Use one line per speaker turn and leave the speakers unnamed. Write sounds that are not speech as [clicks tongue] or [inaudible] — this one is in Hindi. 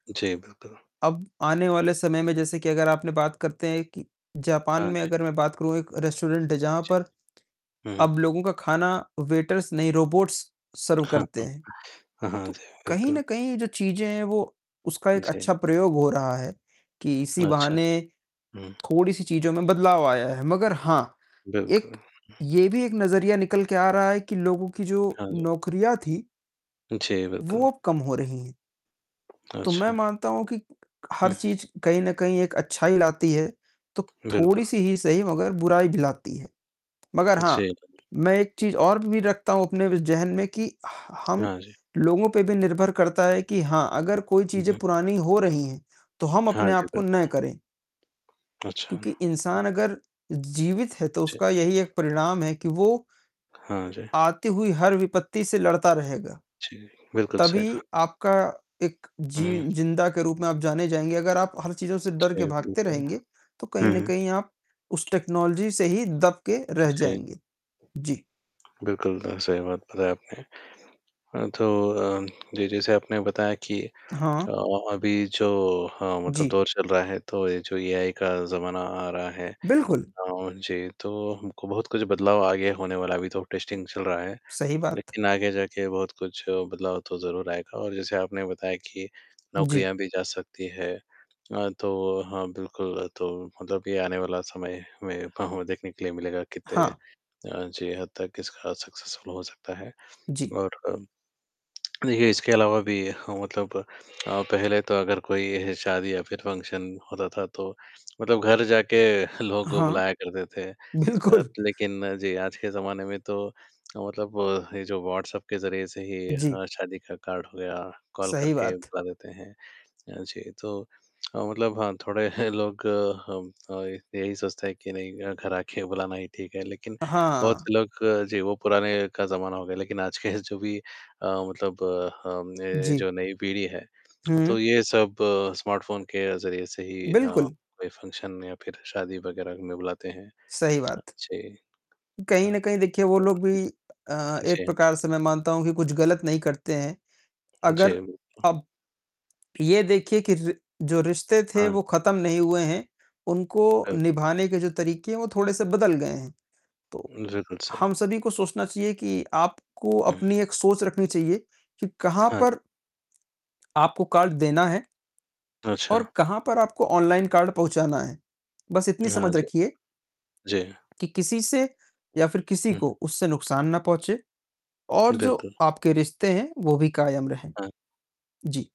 जी, बिल्कुल।
अब आने वाले समय में, जैसे कि अगर आपने बात करते हैं कि जापान
हाँ
में
जी।
अगर मैं बात करूँ, एक रेस्टोरेंट है, जहाँ
जी।
पर
हुँ, हुँ।
अब लोगों का खाना वेटर्स नहीं, रोबॉट्स सर्व करते हैं।
[chuckles] हाँ, हाँ,
तो
जी,
कहीं
बिल्कुल।
न कहीं जो चीज़ें हैं, वो उसका एक
जी।
अच्छा प्रयोग हो रहा है, कि इसी
अच्छा।
बहाने
हुँ।
थोड़ी-सी चीज़ों में बदलाव आया है। मगर हाँ,
बिल्कुल।
एक ये भी एक नज़रिया निकल के आ रहा है कि लोगों की जो
हाँ जी।
नौकरियाँ थीं
जी, बिल्कुल।
वो अब कम हो रही हैं। तो मैं
अच्छा।
मानता हूँ कि हर
हुँ।
चीज़ कहीं न कहीं एक अच्छाई लाती है, तो
बिल्कुल।
थोड़ी-सी ही सही मगर बुराई भी लाती है। मगर हाँ,
जी।
मैं एक चीज़ और भी रखता हूँ, अपने व ज़हन में कि ह हम
हाँ, जी।
लोगों पे भी निर्भर करता है कि हाँ, अगर कोई
हुँ,
चीज़ें
हुँ।
पुरानी हो रही हैं, तो हम
हाँ,
अपने
जी,
आप को न
बिल्कुल।
करें,
अच्छा।
क्योंकि
हुँ।
इंसान अगर जीवित है, तो
जी।
उसका यही एक परिणाम है कि वो
हाँ, जी।
आती हुई हर विपत्ति से लड़ता रहेगा।
जी, बिल्कुल सही
तभी
कहा।
आपका एक जि
हुँ, हुँ।
ज़िंदा के रूप में आप जाने जाएँगे, अगर आप हर चीज़ों से डर के
जी
भागते
बिल्कुल।
रहेंगे, तो कहीं
हुँ,
न
हुँ।
कहीं आप उस टेक्नोलॉज़ी से ही दब के रह
जी।
जाएँगे। जी।
बिल्कुल अ, सही बात बताया आपने। अ, तो अ, जी, जैसे आपने बताया कि
हाँ।
अ, अभी जो हाँ मतलब
जी।
दौर चल रहा है, तो ये जो एआई का ज़माना आ रहा है।
बिल्कुल।
अ, जी तो हमको बहुत कुछ बदलाव आगे होने वाला है, अभी तो टेस्टिंग चल रहा है।
सही बात।
लेकिन आगे जाके बहुत कुछ बदलाव तो ज़रूर आएगा और जैसे आपने बताया कि
जी।
नौकरियाँ भी जा सकती हैं। अ, तो हाँ, बिल्कुल तो मतलब कि आने वाला समय में [unintelligible] देखने के लिए मिलेगा, कित्ते
हाँ।
अ, जी, हद तक इसका सक्सेसफुल हो सकता है।
जी।
और अ, देखिए, इसके अलावा भी हाँ मतलब अ, पहले तो अगर कोई शादी या फिर फ़ंक्शन होता था, तो मतलब घर जाके [chuckles] लोगों को
हाँ।
बुलाया करते थे। अ,
बिल्कुल।
लेकिन, जी, आज के जमाने में तो अ, मतलब ये जो व्हॉट्सएप के ज़रिए से ही
जी।
हाँ, शादी का कार्ड हो गया, कॉल
सही
करके
बात।
बुला देते हैं। अ, जी, तो अ, मतलब हाँ, थोड़े [chuckles] लोग हम, अ, ये यही सोचते हैं कि नहीं अ, घर आके बुलाना ही ठीक है। लेकिन
अ,
बहुत
हाँ।
से लोग जी, वो पुराने का ज़माना हो गया, लेकिन आज के जो भी अ, मतलब हम ने
जी।
जो नई पीढ़ी है, [clicks tongue] तो
हुँ।
ये सब स्मार्टफ़ोन के ज़रिए से ही हाँ,
बिल्कुल।
कोई फ़ंक्शन या फिर शादी वग़ैरह में उन्हें बुलाते हैं।
सही बात।
जी।
कहीं
हाँ
न कहीं देखिए, वो लोग भी अ, एक
जी जी।
प्रकार से मैं मानता हूँ कि कुछ गलत नहीं करते हैं।
जी,
अगर
बिल्कुल।
अब ये देखिए कि रि जो रिश्ते थे,
हाँ।
वो ख़त्म नहीं हुए हैं, उनको
बिल
निभाने के जो तरीके हैं, वो थोड़े-से बदल गए हैं। तो,
हुँ बिल्कुल सही।
हम सभी को सोचना चाहिए कि आपको
हुँ।
अपनी एक सोच रखनी चाहिए कि कहाँ
हाँ, जी।
पर आपको कार्ड देना है, और
अच्छा।
कहाँ पर आपको ऑनलाइन कार्ड पहुँचाना है। बस
अ,
इतनी
हाँ,
समझ
जी।
रखिए
जी।
कि किसी से, या फिर किसी
हुँ।
को उससे नुकसान ना पहुँचे, और जो
बिल्कुल।
आपके रिश्ते हैं, वो भी कायम रहें।
हाँ।
जी।